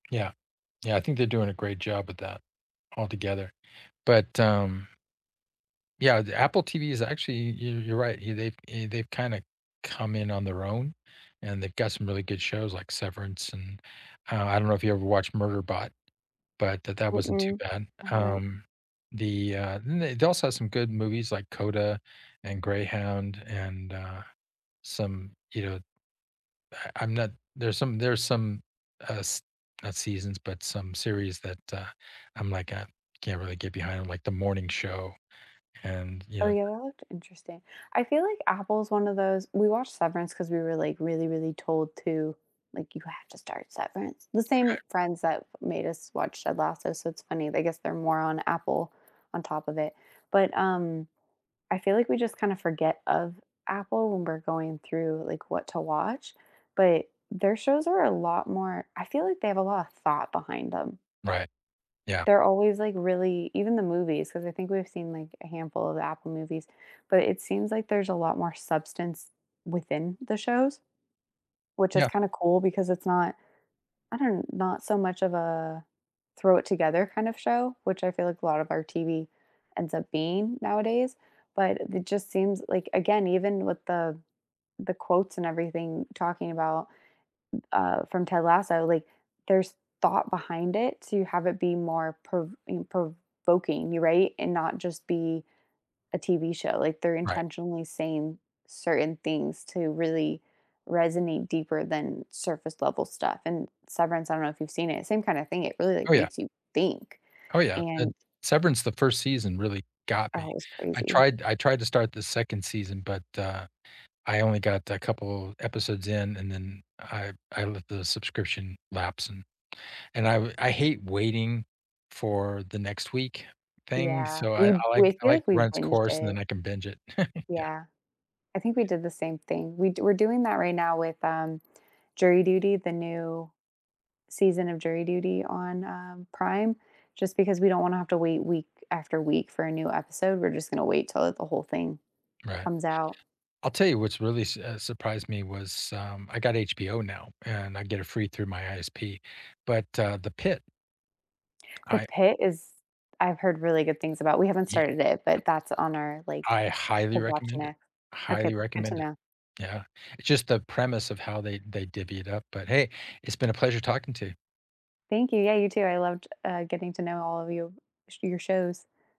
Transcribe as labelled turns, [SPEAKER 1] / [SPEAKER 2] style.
[SPEAKER 1] Yeah. Yeah, I think they're doing a great job with that altogether, but, um Yeah, the Apple TV is actually yo you're right, yeah, they've eh, they've kinda come in on their own, and they've got some really good shows like Severance, and, uh, I don't know if you ever watched Murderbot, but that that wasn't too
[SPEAKER 2] Mm-mm,
[SPEAKER 1] bad,
[SPEAKER 2] I haven't.
[SPEAKER 1] um, the, uh the they also have some good movies like CODA and Greyhound and, uh, some, you know uh, I'm not there's some there's some, uh, s not seasons, but some series that, uh, I'm like, uh, I can't really get behind 'em, like The Morning Show, and, you
[SPEAKER 2] Oh,
[SPEAKER 1] know
[SPEAKER 2] yeah, that looked interesting. I feel like Apple is one of those we watched Severance, 'cause we were, like, really, really told to, like, "You have to start Severance," the same
[SPEAKER 1] Okay.
[SPEAKER 2] friends that made us watch Ted Lasso, so it's funny, they guess they're more on Apple on top of it. But, um, I feel like we just kinda forget of Apple when we're going through, like, what to watch, but their shows are a lot more I feel like they have a lot of thought behind them.
[SPEAKER 1] Right, yeah.
[SPEAKER 2] They're always, like, really even the movies, 'cause I think we've seen, like, a handful of the Apple movies, but it seems like there's a lot more substance within the shows, which is
[SPEAKER 1] Yeah.
[SPEAKER 2] kinda cool because it's not I don't not so much of a throw it together kind of show, which I feel like a lot of our TV ends up being nowadays, but it it just seems like again, even with the the quotes and everything talking about, uh, from Ted Lasso, like, there's thought behind it to have it be more prov eh, prov oking, you're right? And not just be a TV show, like, they're
[SPEAKER 1] Right.
[SPEAKER 2] intentionally saying certain things to really resonate deeper than surface level stuff, and Severance, I don't know if you've seen it, same kind of thing, it really,
[SPEAKER 1] Oh,
[SPEAKER 2] like,
[SPEAKER 1] yeah.
[SPEAKER 2] makes you think,
[SPEAKER 1] Oh, yeah, eh
[SPEAKER 2] and
[SPEAKER 1] Severance, the 1st season really got
[SPEAKER 2] Oh,
[SPEAKER 1] me,
[SPEAKER 2] it was
[SPEAKER 1] I
[SPEAKER 2] crazy.
[SPEAKER 1] tried I tried to start the 2nd season, but, uh, I only got a couple episodes in, and then, I I let the subscription lapse, and and I uh, I hate waiting for the next week thing,
[SPEAKER 2] Yeah,
[SPEAKER 1] so I
[SPEAKER 2] we
[SPEAKER 1] I
[SPEAKER 2] we
[SPEAKER 1] like I
[SPEAKER 2] feel
[SPEAKER 1] like
[SPEAKER 2] like
[SPEAKER 1] to
[SPEAKER 2] we
[SPEAKER 1] run its
[SPEAKER 2] binged
[SPEAKER 1] course, and
[SPEAKER 2] it.
[SPEAKER 1] then I can binge it, yeah.
[SPEAKER 2] Yeah, I think we did the same thing, we do we're doing that right now with, um, Jury Duty, the new season of Jury Duty on, um, Prime, just because we don't wanna have to wait week after week for a new episode, we're just going to wait till the whole thing
[SPEAKER 1] Right.
[SPEAKER 2] comes out.
[SPEAKER 1] I'll tell you what's really s eh, surprised me was, um, I got HBO now, and I get it free through my ISP, but, uh, The Pitt
[SPEAKER 2] The
[SPEAKER 1] I
[SPEAKER 2] Pitt is I've heard really good things about we haven't
[SPEAKER 1] Yeah.
[SPEAKER 2] started it, but that's on our, like,
[SPEAKER 1] I highly
[SPEAKER 2] to watch
[SPEAKER 1] recommend it
[SPEAKER 2] next. Okay,
[SPEAKER 1] highly
[SPEAKER 2] good to
[SPEAKER 1] recommend it,
[SPEAKER 2] know.
[SPEAKER 1] yeah, it's just the premise of how they they divvy it up, but, hey, it's been a pleasure talking to you.
[SPEAKER 2] Thank you, yeah, you too, I loved, uh, getting to know all of you sh your shows.